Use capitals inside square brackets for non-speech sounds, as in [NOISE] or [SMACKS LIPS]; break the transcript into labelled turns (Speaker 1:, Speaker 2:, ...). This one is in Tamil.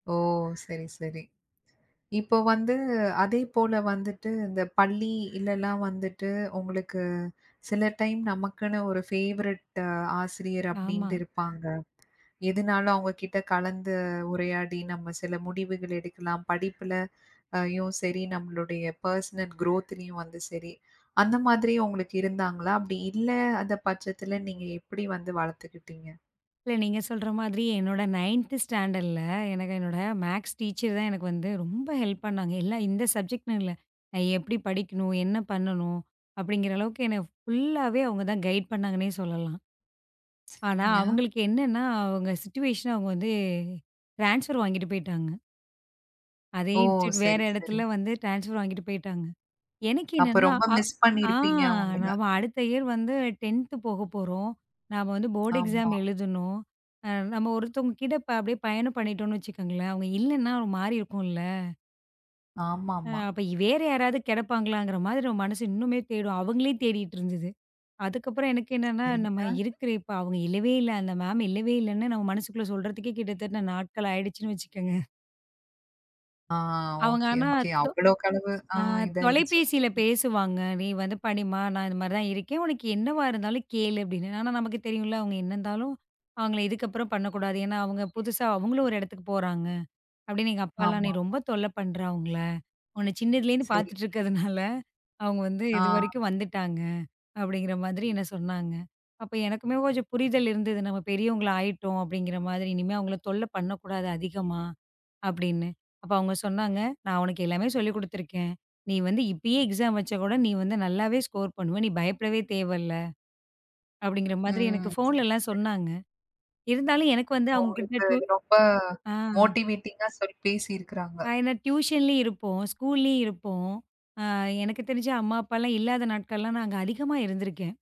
Speaker 1: ஓ! சரி, சரி. இப்ப வந்து அதே போல வந்துட்டு இந்த பள்ளி இல்லல்லாம் வந்துட்டு உங்களுக்கு சில டைம் நமக்குன்னு ஒரு ஃபேவரட்டு ஆசிரியர்
Speaker 2: ஆமா.
Speaker 1: அப்படின்டு இருப்பாங்க. எதுனாலும் அவங்க கிட்ட கலந்து உரையாடி நம்ம சில முடிவுகள் எடுக்கலாம். படிப்புல ஐயும் சரி நம்மளுடய பெர்சனல் க்ரோத்லயும் வந்து சரி. அந்த மாதிரி உங்களுக்கு இருந்தாங்களா? அப்படி இல்ல அந்தப் பட்சத்துல நீங்க எப்படி வந்து வளத்துக்கிட்டீங்க?
Speaker 2: இல்ல நீங்கச் சொல்ற மாதிரி என்னோட 9 ஸ்டாண்டர்ட்ல எனக்கு என்னோட மேக்ஸ் டீச்சர் தான் எனக்கு வந்து ரொம்ப ஹெல்ப் பண்ணாங்க. எல்லா இந்த சப்ஜெக்ட் இல்ல. அ எப்படி படிக்கணும், என்ன பண்ணணும் அப்படிங்கற அளவுக்கு என்ன ஃபுல்லாவே அவங்க தான் கைடு பண்ணாங்கன்னே சொல்லலாம். ஆனா,
Speaker 1: சரிங்க.
Speaker 2: அவங்களுக்கு என்னன்னா, அவங்க சிச்சுவேஷன் அவங்க வந்து ட்ரான்ஸ்பர் வாங்கிட்டு போயிட்டாங்க. அதே
Speaker 1: ஓ!
Speaker 2: இன்ஸ்டிடியூட் வேற
Speaker 1: சரி,
Speaker 2: இடத்துல
Speaker 1: சரி.
Speaker 2: வந்து ட்ரான்ஸ்பர் வாங்கிட்டு போயிட்டாங்க. எனக்கு
Speaker 1: அப்ப
Speaker 2: என்னன்னா
Speaker 1: ரொம்ப
Speaker 2: அ,
Speaker 1: மிஸ்
Speaker 2: ஆ.
Speaker 1: பண்ணிருப்பீங்க அவங்கள.
Speaker 2: நாம அடுத்த இயர் வந்து 10 போகப்போறோம். நாம வந்து
Speaker 1: [SMACKS LIPS]
Speaker 2: போர்ட் எக்ஸாம்
Speaker 1: ஆமா.
Speaker 2: எழுதணும். அம் நம்ம ஒருத்தங்க கிட்ட இப்ப அப்டியே பயணம் பண்ணிட்டோம்னு வச்சுக்கோங்களேன். அவங்க இல்லன்னா ஒரு மாரி இருக்கும்ல. அ,
Speaker 1: ஆமாம்மா.
Speaker 2: அப்ப இ வேற யாராவது கிடப்பாங்களாங்கற மாதிரி நம்ம மனசு இன்னுமே தேடும் அவங்களே தேடிட்டுருந்துது. அதுக்கப்புறம் எனக்கு என்னன்னா, நம்ம
Speaker 1: சரிங்க.
Speaker 2: இருக்குற இப்ப அவங்க இல்லவே இல்ல. அந்த மேம் இல்லவே இல்லன்னு, நம்ம மனசுக்குள்ள சொல்றதுக்கே கிட்டத்தட்ட நாட்கள் ஆயிடுச்சின்னு வச்சுக்கங்க.
Speaker 1: ஆ,
Speaker 2: அவங்க
Speaker 1: ஓகே,
Speaker 2: ஆனா,
Speaker 1: ஓகே.
Speaker 2: தொ
Speaker 1: அவ்ளோகளவு அ
Speaker 2: அ
Speaker 1: இதாயிருச்சு.
Speaker 2: தொலைபேசியில
Speaker 1: ம்.
Speaker 2: பேசுவாங்க. "நீ வந்து படிம்மா. நான் இந்த மாரிதான் இருக்கேன். உனக்கு என்னவா இருந்தாலும் கேளு" அப்படின்னு. ஆனா நமக்குத் தெரியும்ல. அவங்க என்னந்தாலும் அவங்கள இதுக்கப்புறம் பண்ணக்கூடாது. ஏன்னா அவங்க புதுசா அவங்களும் ஒரு இடத்துக்குப் போறாங்க அப்படின்னு. எங்க அப்பால்லாம் "நீ
Speaker 1: ஆமாம்மா.
Speaker 2: ரொம்ப தொல்ல பண்ற அவங்கள, உன்ன சின்னதிலலேந்து
Speaker 1: சரி.
Speaker 2: பாத்துட்டு இருக்கதுனால அவங்க வந்து
Speaker 1: ஆ.
Speaker 2: இதுவரைக்கும் வந்துட்டாங்க," அப்படிங்கற மாதிரி என்ன சொன்னாங்க. அப்போ எனக்குமே கொஞ்சம் புரிதல் இருந்தது. நம்ம பெரியவங்களாயிட்டோம் அப்படிங்கற மாதிரி. இனிமே அவங்கள தொல்ல பண்ணக்கூடாது, அதிகமா அப்படின்னு. அப்ப அவங்க சொன்னாங்க, நான் உனக்கு எல்லாமே சொல்லிக் குடுத்துருக்கேன். நீ வந்து இப்பயே எக்ஸாம் வச்சாக் கூட நீ வந்து நல்லாவே ஸ்கோர் பண்ணுவ. நீ பயப்படவே தேவைல்ல அப்படிங்கற மாதிரி
Speaker 1: ம்.
Speaker 2: எனக்குப்
Speaker 1: சரி,
Speaker 2: போன்லலாம்
Speaker 1: சரி.
Speaker 2: சொன்னாங்க. இருந்தாலும் எனக்கு வந்து அவங்க கிட்ட
Speaker 1: உங்களுக்கு
Speaker 2: ட்யூ
Speaker 1: ரொம்ப
Speaker 2: அ.
Speaker 1: மோட்டிவேட்டிங்கா சொல்லிப் பேசியிருக்காங்க.
Speaker 2: ஆனா ட்டுயூஸன்லயும் இருப்போம். ஸ்கூலயும் இருப்போம். அ எனக்குத் தெரிஞ்ச அம்மா அப்பால்லாம் இல்லாத நாட்களல்லாம் நாங்க அதிகமா இருந்துருக்கேன்.